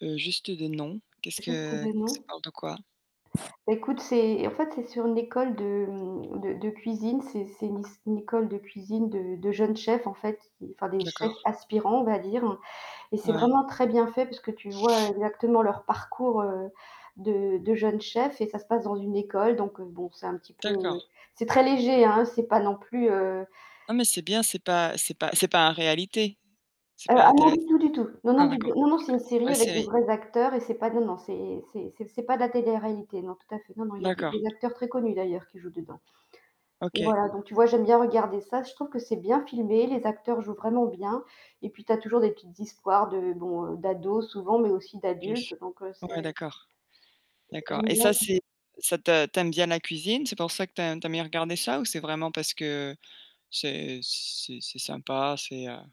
Heu, juste de nom. Qu'est-ce Juste que des ça noms. parle de quoi? Ecoute, c'est en fait c'est sur une école de de de cuisine, c'est c'est c'est une école de cuisine de de jeunes chefs en fait, enfin, des chefs D'accord. aspirants, on va dire, et c'est Ouais. vraiment très bien fait puisque tu vois exactement leur parcours, heu, de de jeunes chefs et ça se passe dans une école donc, heu, bon, c'est un petit peu, D'accord. c'est très léger, hein, c'est pas non plus, heu Non, mais c'est bien, c'est pas c'est pas c'est pas un réalité. C'est Heu, pas ah la non, télé du tout du tout, non non, ah du d'accord, tout, non OK, non, c'est une une série vraie avec des série. vrais acteurs et c'est pas non, non, c'est c'est c'est c'est pas de la télé-réalité, non, tout à fait, non, non, il y a des D'accord. des acteurs très connus d'ailleurs qui jouent dedans. Et OK. voilà, donc tu vois j'aime bien regarder ça, je trouve que c'est bien filmé, les acteurs jouent vraiment bien et puis tu as toujours des petites histoires de, bon, d'ados souvent mais aussi d'adultes donc Ouais, c'est d'accord, d'accord. J'aime Et bien ça, ça. c'est ça te tu aimes bien la cuisine? C'est pour ça que tu as tu aimes bien regarder ça ou c'est vraiment parce que c'est c'est c'est sympa, c'est, heu